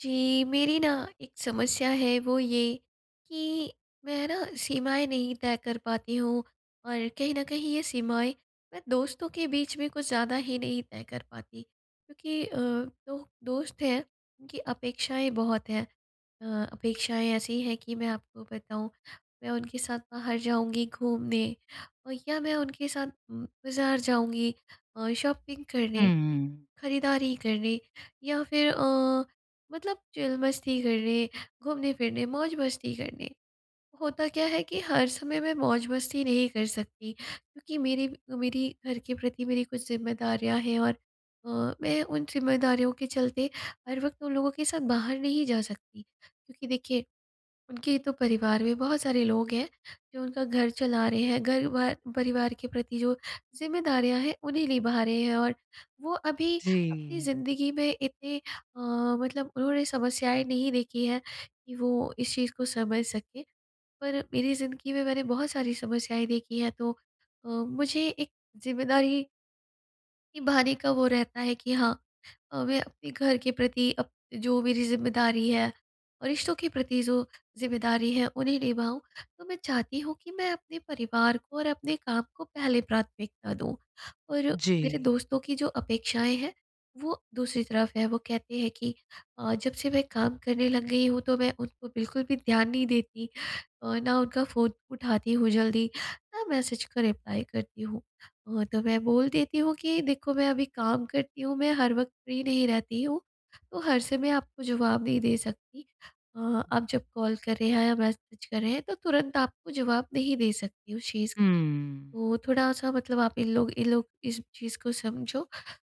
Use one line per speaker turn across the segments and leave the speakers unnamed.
जी, मेरी न एक समस्या है वो ये कि मैं है न सीमाएँ नहीं तय कर पाती हूँ। और कहीं न कहीं ये सीमाएँ मैं दोस्तों के बीच में कुछ ज़्यादा ही नहीं तय कर पाती क्योंकि अ, 2 दोस्त हैं उनकी अपेक्षाएँ बहुत हैं। अ अपेक्षाएँ ऐसी हैं कि मैं आपको बताऊँ मैं उनके साथ बाहर जाऊँगी घूमने या मैं उनके साथ बाज़ार जाऊँगी अ, शॉपिंग
हुँ,
करने,
हुँ।
खरीदारी करने या फिर अ, मतलब चिल मस्ती करने, घूमने-फिरने, मौज-मस्ती करने। होता क्या है कि हर समय मैं मौज-मस्ती नहीं कर सकती क्योंकि मेरी मेरी घर के प्रति मेरी कुछ ज़िम्मेदारियाँ हैं और अ, मैं उन ज़िम्मेदारियों के चलते हर वक़्त उन लोगों के साथ बाहर नहीं जा सकती। क्योंकि देखिए उनके तो परिवार में बहुत सारे लोग हैं जो उनका घर चला रहे हैं घर भ परिवार के प्रति जो ज़िम्मेदारियाँ हैं उन्हें निभा रहे हैं। और वो अभी अपनी
जी।
ज़िंदगी में इतने अ, मतलब उन्होंने समस्याएँ नहीं देखी है कि वो इस चीज़ को समझ सकें पर मेरी ज़िंदगी में मैंने बहुत सारी समस्याएँ देखी हैं तो अ, मुझे एक ज़िम्मेदारी निभाने का वो रहता है कि हाँ, अ, मैं अपने घर के प्रति अप जो मेरी ज़िम्मेदारी है, रिश्तों के प्रति, जो ज़िम्मेदारी है, उन्हें निभाऊँ, तो मैं चाहती हूँ कि मैं अपने परिवार को और अपने काम को पहले प्राथमिकता दूँ। और मेरे
जी।
दोस्तों की जो अपेक्षाएँ हैं, वो दूसरी तरफ हैं, वो कहते हैं कि अ, जब से मैं काम करने लग गई हूँ, तो मैं उनको बिल्कुल भी ध्यान नहीं देती और ना उनका फ़ोन उठाती हूँ जल्दी, ना मैसेज का रिप्लाई करती हूँ। वो तो मैं बोल देती हूँ, कि देखो मैं अभी काम करती हूँ, मैं हर वक़्त फ्री नहीं रहती हूँ, तो हर समय आपको जवाब नहीं दे सकती। अ, आप जब कॉल कर रहे हैं या मैसेज कर रहे हैं, तो तुरंत आपको जवाब नहीं दे सकती हूँ। शीज़
हुँ।
तो थोड़ा-सा मतलब आप इन लोग इन लोग, इस चीज़ को समझो,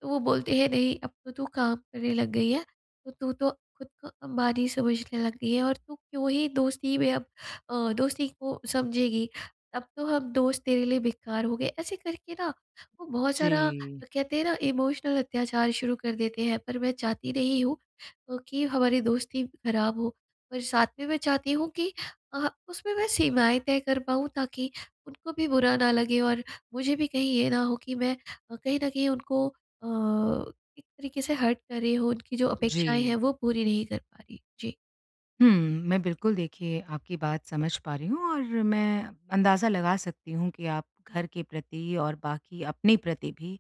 तो वो बोलते हैं नहीं अब तो तू काम करने लग गई है, तो तू तो खुद को अंबानी समझने लग गई है और तू क्यों ही दोस्ती में अब अ, दोस्ती को समझेगी। अब तो हम दोस्त तेरे लिए बेकार हो गए। ऐसे करके ना, वो बहुत सारा
जी।
कहते हैं ना इमोशनल अत्याचार शुरू कर देते हैं, पर मैं चाहती नहीं हूँ अ, कि हमारी दोस्ती खराब हो। और साथ में मैं चाहती हूँ कि अह, उसमें मैं सीमाएँ तय कर पाऊँ, ताकि उनको भी बुरा ना लगे और मुझे भी कहीं ये ना हो कि मैं अ, कहीं न कहीं उनको अ, एक तरीके से हर्ट कर रही हूँ उनकी जो अपेक्षाएँ हैं
जी।
वो पूरी नहीं कर पा रही। जी।
हुँ, मैं बिल्कुल देखिए आपकी बात समझ पा रही हूँ और मैं अंदाज़ा लगा सकती हूँ कि आप घर के प्रति और बाकी अपने प्रति भी,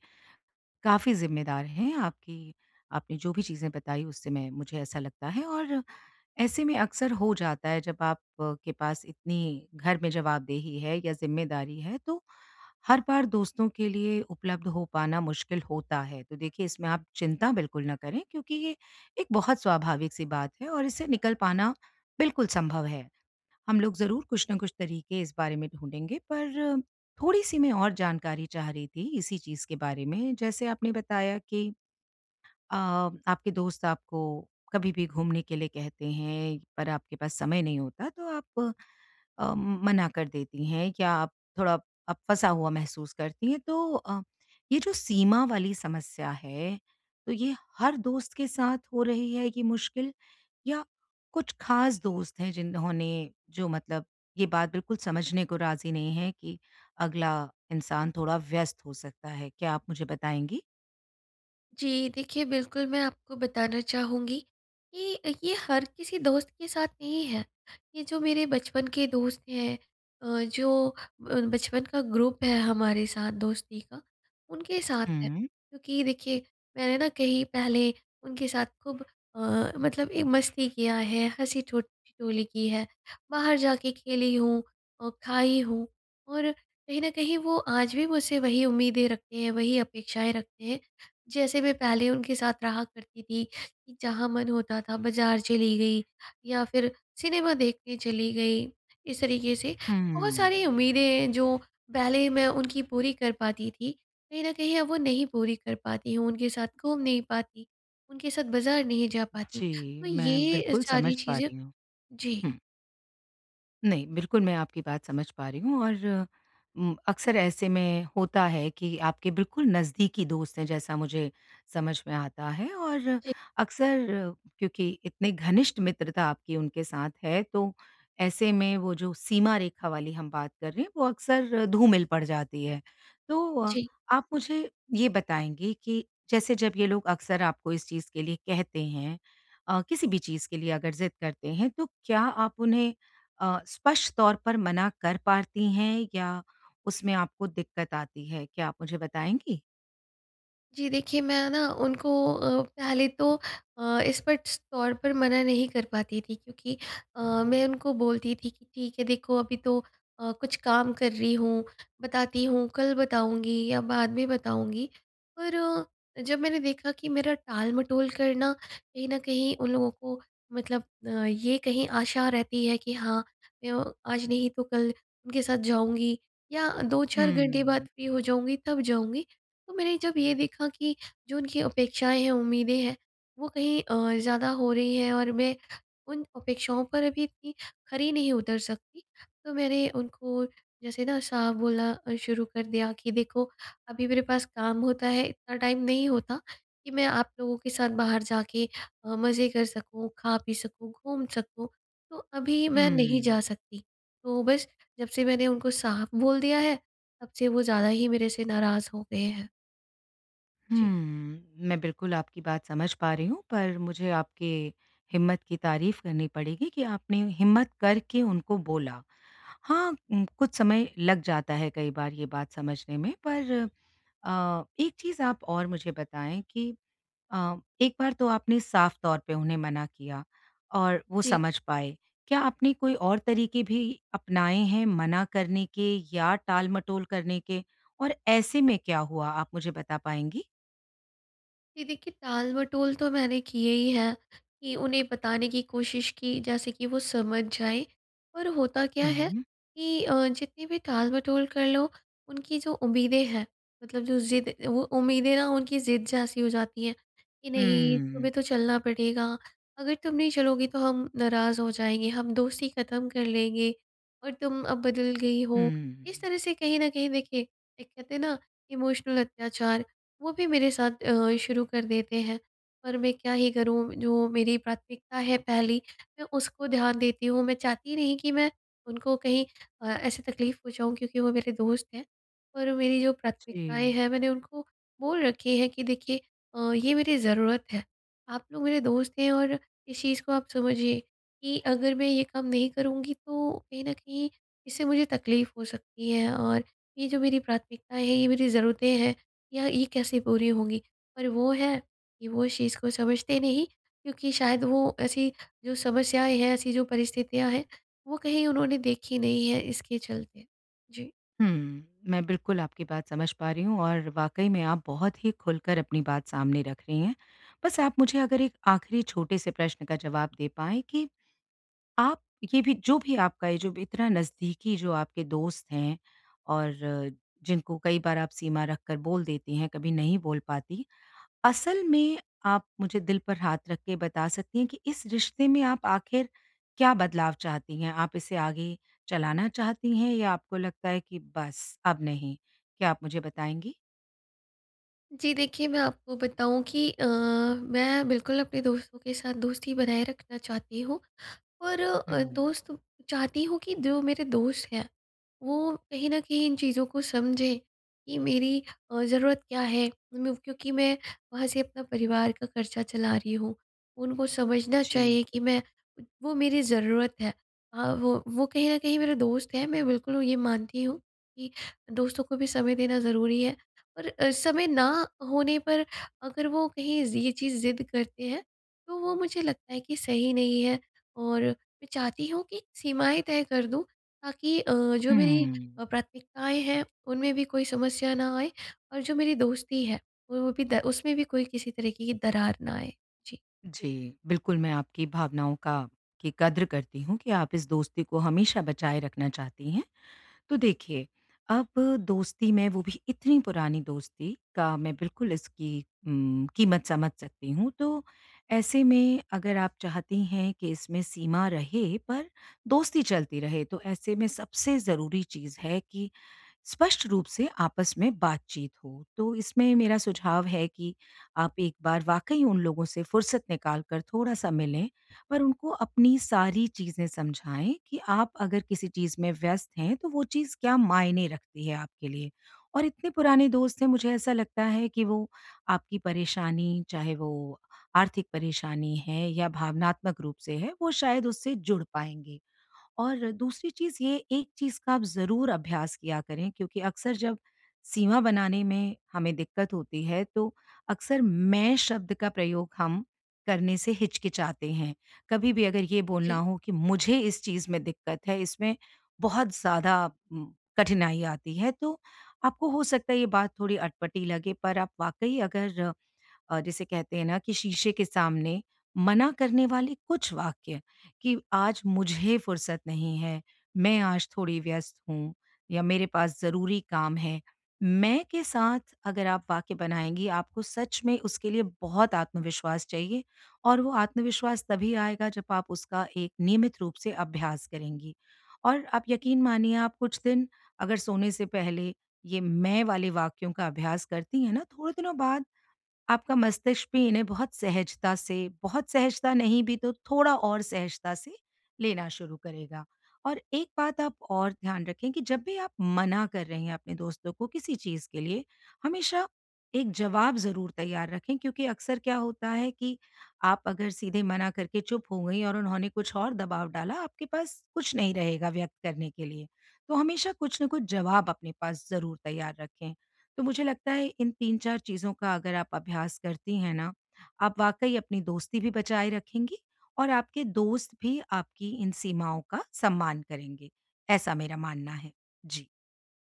काफ़ी ज़िम्मेदार हैं, आपकी, आपने जो भी चीज़ें बताई उससे मैं मुझे ऐसा लगता है और ऐसे में अक्सर हो जाता है जब आपके पास इतनी, घर में जवाबदेही है या ज़िम्मेदारी है। तो हर बार दोस्तों के लिए उपलब्ध हो पाना मुश्किल होता है। तो देखिए इसमें आप चिंता बिल्कुल ना करें, क्योंकि ये एक बहुत स्वाभाविक सी बात है, और इससे निकल पाना, बिल्कुल सँभव है। हम लोग ज़रूर कुछ ना कुछ तरीके, इस बारे में ढूँढेंगे पर, थोड़ी सी मैं और जानकारी चाह रही थी, इसी चीज़ के बारे में। जैसे आपने बताया कि अ, आपके दोस्त आपको कभी भी घूमने के लिए कहते हैं, पर आपके पास समय नहीं होता। तो आप अ, मना कर देती हैं क्या आप थोड़ा, आप फंसा हुआ महसूस करती हैं। तो अ, ये जो सीमा वाली समस्या है, तो ये हर दोस्त के साथ हो रही है, ये मुश्किल? या कुछ ख़ास दोस्त हैं, जिन्होंने, जो मतलब ये बात बिल्कुल समझने को राज़ी नहीं है कि, अगला इंसान थोड़ा व्यस्त हो सकता है। क्या आप मुझे बताएँगी?
जी। देखिए, बिल्कुल मैं आपको बताना चाहूँगी कि ये हर किसी दोस्त के साथ नहीं है। ये जो मेरे बचपन के दोस्त हैं अ, जो ब बचपन का ग्रुप है हमारे साथ दोस्ती का उनके साथ है।
हुँ।
क्योंकि देखिए मैंने न कहीं पहले उनके साथ खूब अ, मतलब ए मस्ती किया है हँसी ठोट ठिठोली की है। बाहर जाके खेली हूँ, और खाई हूँ और, कहीं न कहीं वो आज भी मुझसे वही उम्मीदें रखते हैं वही अपेक्षाएँ रखते हैं जैसे मैं पहले उनके साथ रहा करती थी कि जहाँ मन होता था बाज़ार चली गई या फिर सिनेमा देखने चली गई। इस तरीके से बहुत
हुँ।
सारी उम्मीदें हैं जो पहले मैं उनकी पूरी कर पाती थी कहीं न कहीं अब वो नहीं पूरी कर पाती हूँ उनके साथ घूम नहीं पाती उनके साथ बाज़ार नहीं जा पाती
जी।
तो
मैं
ये अ,
बिल्कुल
सारी
समझ पा
चीज़ें
रही हूँ।
जी।
हुँ। नहीं। बिल्कुल मैं आपकी बात समझ पा रही हूँ और उम, अक्सर ऐसे में होता है कि आपके बिल्कुल नज़दीकी दोस्त है जैसा मुझे समझ में आता है। और
जी।
अक्सर क्योंकि इतने घनिष्ठ मित्रता आपकी उनके साथ है तो ऐसे में वो जो सीमा रेखा वाली हम बात कर रहे हैं वो अक्सर धूमिल पड़ जाती है। तो अ,
जी।
आप मुझे ये बताएँगे कि जैसे जब ये लोग अक्सर आपको इस चीज़ के लिए कहते हैं अ, किसी भी चीज़ के लिए अगर ज़िद करते हैं तो क्या आप उन्हें अ, स्पष्ट तौर पर मना कर पाती हैं? या उसमें आपको दिक्कत आती है क्या आप मुझे बताएँगी?
जी देखिए, मैं ना उनको अ, पहले तो अ, स्पष्ट तौर पर मना नहीं कर पाती थी क्योंकि अ, मैं उनको बोलती थी कि ठीक है देखो अभी तो अ, कुछ काम कर रही हूँ बताती हूँ, कल बताऊँगी या बाद में बताऊँगी। पर, जब मैंने देखा कि मेरा टालमटोल करना कहीं न कहीं उन लोगों को मतलब अ, ये कहीं आशा रहती है कि हाँ, य आज नहीं तो कल उनके साथ जाऊँगी या 2-4
हुँ,
घंटे बाद
हुँ।
फ्री हो जाऊँगी तब जाऊँगी। तो मैंने जब ये भी कहा कि जो उनकी अपेक्षाएँ हैं उम्मीदें हैं वो कहीं और ज़्यादा हो रही हैं और मैं उन अपेक्षाओं पर अभी इतनी खरी नहीं उतर सकती। तो मैंने उनको जैसे ना साफ बोलना अ, शुरू कर दिया कि देखो, अभी मेरे पास काम होता है इतना टाइम नहीं होता कि मैं आप लोगों के साथ बाहर जाके अ, मज़े कर सकूँ, खा पी सकूँ, घूम सकूँ, तो अभी मैं नहीं जा
हुँ।
सकती। तो बस, जब से मैंने उनको साफ बोल दिया है तब से वो ज़्यादा ही मेरे से नाराज़ हो गए हैं। जी।
हुँ। मैं बिल्कुल आपकी बात समझ पा रही हूँ, पर मुझे आपके हिम्मत की तारीफ़ करनी पड़ेगी कि आपने हिम्मत करके उनको बोला। हाँ, उ कुछ समय लग जाता है कई बार ये बात समझने में पर अ, एक चीज़ आप और मुझे बताएँ कि अ, एक बार तो आपने साफ़ तौर पे उन्हें मना किया, और वो
जी।
समझ पाए। क्या आपने कोई और तरीके भी अपनाएँ हैं मना करने के या टालमटोल करने के? और ऐसे में क्या हुआ, आप मुझे बता पाएँगी?
जी देखिए, टालमटोल तो मैंने किए ही हैं। कि उन्हें बताने की कोशिश की जैसे कि वो समझ जाएँ और होता क्या है
हुँ।
कि अ, जितनी भी टालमटोल कर लो उनकी जो उम्मीदें हैं मतलब जो ज़िद वो उम्मीदें ना उनकी ज़िद जैसी हो जाती है। कि नहीं
हुँ।
तुम्हें तो चलना पड़ेगा, अगर तुम नहीं चलोगी तो हम नाराज़ हो जाएँगे। हम दोस्ती ख़त्म कर लेंगे और तुम अब बदल गई हो। इस
हुँ।
तरह से कहीं न कहीं देखिए एक कहते हैं न इमोशनल अत्याचार वो भी मेरे साथ अ, शुरू कर देते हैं। पर मैं क्या ही करूँ जो मेरी प्राथमिकता है पहली मैं उसको ध्यान देती हूँ। मैं चाहती नहीं कि मैं उनको कहीं अ, ऐसे तकलीफ़ पहुँचाऊँ क्योंकि वो मेरे दोस्त हैं। और मेरी जो प्राथमिकताएँ
जी।
हैं मैंने उनको बोल रखी हैं कि देखिए अ, ये मेरी ज़रूरत है। आप लोग मेरे दोस्त हैं और इस चीज़ को आप समझिए कि अगर मैं ये काम नहीं करूँगी तो कहीं न कहीं इससे मुझे तकलीफ़ हो सकती है और ये जो मेरी प्राथमिकताएँ है, ये मेरी ज़रूरतें हैं या ये कैसे पूरी होंगी। पर वो है कि वो इस चीज़ को समझते नहीं क्योंकि शायद वो ऐसी जो समस्याएँ हैं, ऐसी जो परिस्थितियाँ हैं वो कहीं उन्होंने देखी नहीं है, इसके चलते। जी।
हुँ। मैं बिल्कुल आपकी बात समझ पा रही हूँ और वाक़ई में आप बहुत ही खुलकर अपनी बात सामने रख रही हैं। बस आप मुझे अगर एक आख़िरी छोटे से प्रश्न का जवाब दे पाएँ कि आप ये भी जो भी आपका ये जो इतना नज़दीकी जो आपके दोस्त हैं और जिनको कई बार आप सीमा रखकर बोल देती हैं, कभी नहीं बोल पाती। असल में आप मुझे दिल पर हाथ रख के बता सकती हैं कि इस रिश्ते में आप आख़िर क्या बदलाव चाहती हैं? आप इसे आगे चलाना चाहती हैं या आपको लगता है कि बस अब नहीं। क्या आप मुझे बताएँगी?
जी देखिए, मैं आपको बताऊँ कि अ, मैं बिल्कुल अपने दोस्तों के साथ दोस्ती बनाए रखना चाहती हूँ और अ,
हुँ।
दोस्त चाहती हूँ कि जो मेरे दोस्त हैं वो कहीं न कहीं इन चीज़ों को समझें कि मेरी अ, ज़रूरत क्या है? उन क्योंकि मैं वहाँ से अपना परिवार का खर्चा चला रही हूँ। उनको समझना
जी।
चाहिए कि मैं वो मेरी ज़रूरत है। हाँ, वो, वो कहीं न कहीं मेरे दोस्त हैं मैं बिल्कुल ये मानती हूँ कि दोस्तों को भी समय देना ज़रूरी है। और अ, समय ना होने पर अगर वो कहीं ये चीज़ ज़िद करते हैं तो वो मुझे लगता है कि सही नहीं है और मैं चाहती हूँ कि सीमाएंँ तय कर दूँ ताकि अ, जो मेरी
हुँ।
अ, प्राथमिकताएँ हैं उनमें भी कोई समस्या न आए। और जो मेरी दोस्ती है वो भी द उसमें भी कोई किसी तरीके की दरार ना आए, जी।
जी, बिल्कुल मैं आपकी भावनाओं का की कद्र करती हूँ कि आप इस दोस्ती को हमेशा बचाए रखना चाहती हैं। तो देखिए, अब दोस्ती में वो भी इतनी पुरानी दोस्ती का मैं बिल्कुल इसकी उम, कीमत समझ सकती हूँ। तो ऐसे में अगर आप चाहती हैं कि इसमें सीमा रहे पर दोस्ती चलती रहे। तो ऐसे में सबसे ज़रूरी चीज़ है कि स्पष्ट रूप से आपस में बातचीत हो। तो इसमें मेरा सुझाव है कि आप एक बार वाक़ई उन लोगों से फ़ुर्सत निकाल कर थोड़ा-सा मिलें पर उनको अपनी सारी चीज़ें समझाएँ कि आप अगर किसी चीज़ में व्यस्त हैं तो वो चीज़ क्या मायने रखती है आपके लिए। और इतने पुराने दोस्त हैं, मुझे ऐसा लगता है कि वो आपकी परेशानी, चाहे वो आर्थिक परेशानी है या भावनात्मक रूप से है, वो शायद, उससे जुड़ पाएँगे। और दूसरी चीज़ ये एक चीज़ का आप ज़रूर अभ्यास किया करें क्योंकि अक्सर जब सीमा बनाने में हमें दिक्कत होती है तो अक्सर मैं शब्द का प्रयोग हम करने से हिचकिचाते हैं। कभी भी अगर ये बोलना
जी।
हो कि मुझे इस चीज़ में दिक्कत है इसमें बहुत ज़्यादा म कठिनाई आती है। तो आपको हो सकता है ये बात थोड़ी अटपटी लगे पर आप वाक़ई अगर जिसे कहते हैं ना कि शीशे के सामने मना करने वाले कुछ वाक्य कि आज मुझे फ़ुर्सत नहीं है, मैं आज थोड़ी व्यस्त हूँ या मेरे पास ज़रूरी काम है। मैं के साथ अगर आप वाक्य बनाएँगी आपको सच में उसके लिए बहुत आत्मविश्वास चाहिए और वो आत्मविश्वास तभी आएगा जब आप उसका एक नियमित रूप से अभ्यास करेंगी। और आप यकीन मानिए आप कुछ दिन अगर सोने से पहले ये मैं वाले वाक्यों का अभ्यास करती हैं ना थोड़े दिनों बाद आपका मस्तिष्क भी इन्हें बहुत सहजता से, बहुत सहजता नहीं भी तो थोड़ा और सहजता से लेना शुरू करेगा। और एक बात आप और ध्यान रखें कि जब भी आप मना कर रहे हैं अपने दोस्तों को किसी चीज़ के लिए हमेशा एक जवाब ज़रूर तैयार रखें क्योंकि अक्सर क्या होता है कि आप अगर सीधे मना करके चुप हो गई और उन्होंने कुछ और दबाव डाला, आपके पास कुछ नहीं रहेगा व्यक्त करने के लिए। तो हमेशा कुछ न कुछ जवाब अपने पास ज़रूर तैयार रखें। तो मुझे लगता है इन 3-4 चीज़ों का अगर आप अभ्यास करती हैं ना, आप वाक़ई अपनी दोस्ती भी बचाए रखेंगी और आपके दोस्त भी आपकी इन सीमाओं का सम्मान करेंगे। ऐसा मेरा मानना है। जी।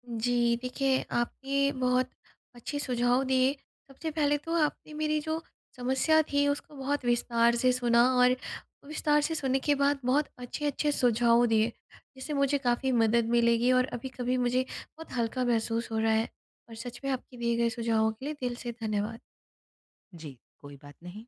जी देखिए, आपके बहुत अच्छे सुझाव दिए सबसे पहले तो आपने मेरी जो समस्या थी उसको बहुत विस्तार से सुना और विस्तार से सुनने के बाद बहुत अच्छे-अच्छे सुझाव दिए। जिससे मुझे काफ़ी मदद मिलेगी और अभी-कभी मुझे बहुत हल्का महसूस हो रहा है और सच में आपके दिए गए सुझावों के लिए दिल से धन्यवाद।
जी, कोई बात नहीं।